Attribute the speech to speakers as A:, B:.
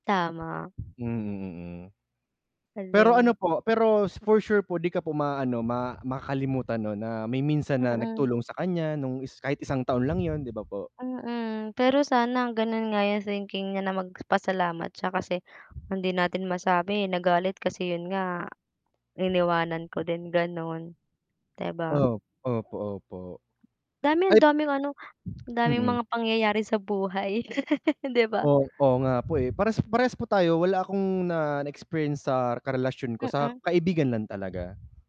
A: Tama.
B: Mm, mm. Pero, ano
A: Galing.
B: po, pero for sure po 'di ka po maano ma makalimutan no'n na may minsan na
A: Mm.
B: nagtulong sa kan'ya nung is kahit isang taon lang yun, 'di ba po?
A: Mm, pero sana gano'n nga yung thinking niya na mag pasalamat siya kasi hindi natin masabi, nagalit, kasi yun nga, iniwanan ko din gano'n. 'Di ba?
B: Oo, opo, opo.
A: Dami
B: Ay
A: ang daming ano ang daming
B: Mm.
A: mga pangyayari sa buhay 'di ba?
B: Oo, oo nga po, eh, parehas parehas po tayo, wala akong na na experience sa karelasyon ko, sa
A: Mm.
B: kaibigan lang talaga.